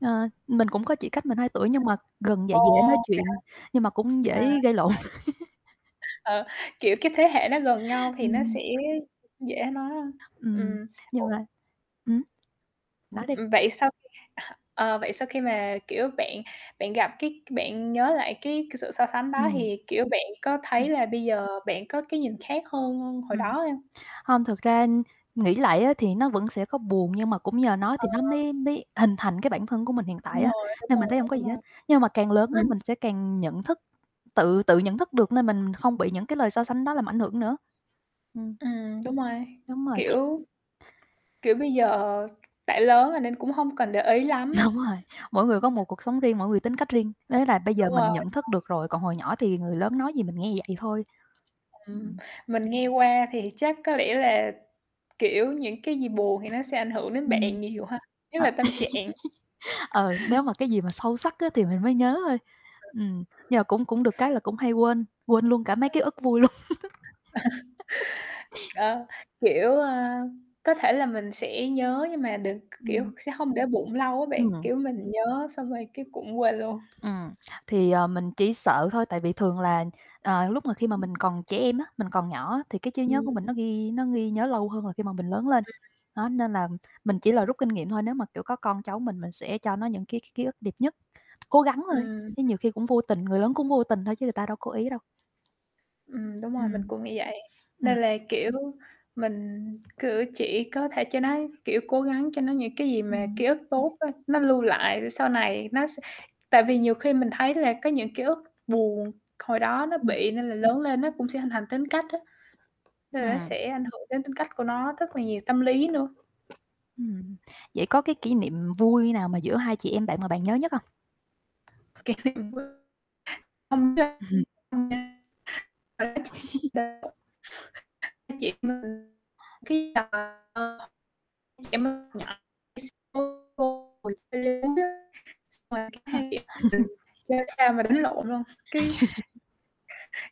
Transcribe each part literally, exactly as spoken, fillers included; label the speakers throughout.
Speaker 1: Ờ, mình cũng có chị cách mình hai tuổi, nhưng mà gần vậy
Speaker 2: Ồ,
Speaker 1: dễ nói
Speaker 2: vậy hả?
Speaker 1: chuyện, nhưng mà cũng
Speaker 2: À.
Speaker 1: dễ
Speaker 2: [unintelligible]
Speaker 1: gây lộn.
Speaker 2: Ờ, kiểu, cái, thế hệ nó gần nhau thì nó
Speaker 1: Ừm.
Speaker 2: sẽ dễ nói ha,
Speaker 1: Ừm,
Speaker 2: ừm.
Speaker 1: nhưng
Speaker 2: [unintelligible]
Speaker 1: mà ửm?
Speaker 2: Ừm,
Speaker 1: Nói đi.
Speaker 2: ừm, vậy sau khi à, ờ, vậy sau khi mà, kiểu, bạn bạn gặp, cái, bạn nhớ lại cái c sự so sánh đó
Speaker 1: Ừm.
Speaker 2: thì, kiểu, bạn có
Speaker 1: Ừm.
Speaker 2: thấy là bây giờ bạn có cái nhìn khác hơn hồi đó
Speaker 1: Ừm,
Speaker 2: hông?
Speaker 1: hông, thực ra, ưm, nghĩ lại á thì nó vẫn sẽ có buồn, nhưng mà cũng nhờ nó thì nó
Speaker 2: Ờ.
Speaker 1: mới mới hình thành cái bản thân của mình hiện tại
Speaker 2: Đúng
Speaker 1: á,
Speaker 2: rồi, đúng
Speaker 1: nên mình
Speaker 2: rồi,
Speaker 1: thấy hổng có
Speaker 2: đúng
Speaker 1: gì hết.
Speaker 2: rồi.
Speaker 1: Nhưng mà càng lớn á,
Speaker 2: Ừm.
Speaker 1: mình sẽ càng nhận thức, tự tự nhận thức được nên mình không bị những cái lời so sánh đó làm ảnh hưởng nữa. Ừm.
Speaker 2: Ừm, đúng rồi,
Speaker 1: Đúng rồi, chị
Speaker 2: kiểu, kiểu, bây giờ đã lớn rồi nên cũng hông cần để ý lắm á.
Speaker 1: Đúng rồi, mỗi người có một cuộc sống riêng, mỗi người tính cách riêng,
Speaker 2: Ừm,
Speaker 1: thế là bây giờ
Speaker 2: đúng
Speaker 1: mình
Speaker 2: rồi.
Speaker 1: nhận
Speaker 2: Ờ
Speaker 1: thức được rồi, còn hồi nhỏ thì người lớn nói gì mình nghe vậy thôi.
Speaker 2: Ừm,
Speaker 1: Ừm.
Speaker 2: mình nghe qua thì chắc có lẽ là, kiểu, những cái gì buồn thì nó sẽ ảnh hưởng đến
Speaker 1: Ừm.
Speaker 2: bạn
Speaker 1: Ờ,
Speaker 2: nhiều ha, nhất là tâm trạng.
Speaker 1: ờ, nếu mà cái gì mà sâu sắc á, thì mình mới nhớ thôi. Ừm, nhưng mà cũng cũng được cái
Speaker 2: [unintelligible]
Speaker 1: là cũng hay quên, quên luôn cả mấy ký
Speaker 2: Wow!
Speaker 1: ức vui luôn.
Speaker 2: Ờ, kiểu, ơ, có thể là mình sẽ nhớ nhưng mà được, k kiểu,
Speaker 1: Ừm.
Speaker 2: sẽ hông để bụng lâu á bạn,
Speaker 1: Ừm.
Speaker 2: kiểu, mình nhớ xong rồi cái cũng quên luôn.
Speaker 1: Ừm, thì, ờ, mình chỉ sợ thôi, tại vì thường là, ờ, lúc mà khi mà
Speaker 2: Ừm.
Speaker 1: mình còn trẻ em á, mình còn nhỏ á, thì cái trí nhớ
Speaker 2: Ừm,
Speaker 1: của mình nó
Speaker 2: ừm.
Speaker 1: ghi nó ghi nhớ lâu hơn là khi mà mình lớn lên, đó, nên là mình chỉ là
Speaker 2: Ừm. [unintelligible]
Speaker 1: rút kinh nghiệm thôi. Nếu mà, kiểu, có con cháu mình mình sẽ cho nó những cái ký ức đẹp nhất, cố gắng thôi,
Speaker 2: Ừm.
Speaker 1: chứ nhiều khi cũng vô tình, người lớn cũng vô tình thôi chứ ta đâu cố ý đâu.
Speaker 2: Ừm, đúng rồi, mình
Speaker 1: Ừm.
Speaker 2: cũng nghĩ vậy,
Speaker 1: Ừm.
Speaker 2: nên là, kiểu, mình cử chỉ có thể cho nó, kiểu, cố gắng cho nó những cái gì mà
Speaker 1: Ừm.
Speaker 2: ký ức tốt thôi, nó lưu lại để sau này nó se tại vì nhiều khi mình thấy là có những ký ức buồn, hồi đó nó
Speaker 1: Ừm.
Speaker 2: bị nên là lớn lên nó cũng sẽ hình thành tính cách á. Nên là nó
Speaker 1: Ừm.
Speaker 2: sẽ ảnh hưởng đến tính cách của nó rất là nhiều, tâm lý nữa.
Speaker 1: Ừm, vậy có cái kỷ niệm vui nào mà giữa hai chị em bạn mà bạn nhớ nhất hông?
Speaker 2: Kiểu [unintelligible] Hai chị em mình cái [unintelligible] hồi đi leo núi á, xong rồi cái
Speaker 1: Ha.
Speaker 2: hai chị em mình chơi sao mà đánh lộn luôn, cái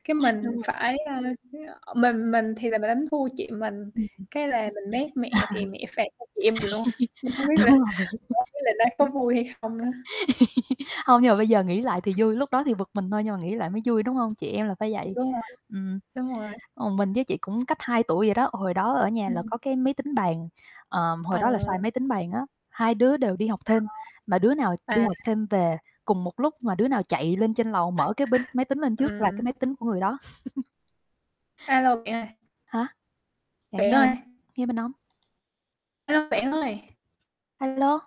Speaker 2: cái,
Speaker 1: Đúng
Speaker 2: mình
Speaker 1: rồi.
Speaker 2: phải, ơ, cái, ơ, mình mình thì mình đánh thua chị mình,
Speaker 1: Ừm, ừm.
Speaker 2: cái là mình méc mẹ thì mẹ phạt hai chị em mình luôn. Mình hông biết
Speaker 1: Đúng
Speaker 2: là
Speaker 1: rồi.
Speaker 2: hổng biết là nó có vui hay không nữa.
Speaker 1: Hông, nhưng mà bây giờ nghĩ lại thì vui, lúc đó thì bực mình thôi, nhưng mà nghĩ lại mới vui đúng hông, chị em là phải vậy,
Speaker 2: Đúng rồi,
Speaker 1: ừm.
Speaker 2: đúng rồi.
Speaker 1: Còn mình với chị cũng cách hai tuổi vậy đó, hồi đó ở nhà là
Speaker 2: Ừm.
Speaker 1: có cái máy tính bàn, ờm,
Speaker 2: Ờ.
Speaker 1: hồi đó là xài máy tính bàn á, hai đứa đều đi học thêm, mà đứa nào
Speaker 2: Ờ.
Speaker 1: đi
Speaker 2: À.
Speaker 1: học thêm về cùng một lúc mà đứa nào chạy lên trên lầu mở cái binh máy tính lên trước là cái máy
Speaker 2: Ừm.
Speaker 1: tính của người đó.
Speaker 2: A lô, bạn ơi.
Speaker 1: Hả? Bạn
Speaker 2: Bạn
Speaker 1: nghe hông?
Speaker 2: ơi.
Speaker 1: Nghe mình hông?
Speaker 2: A lô, bạn ơi!
Speaker 1: A lô.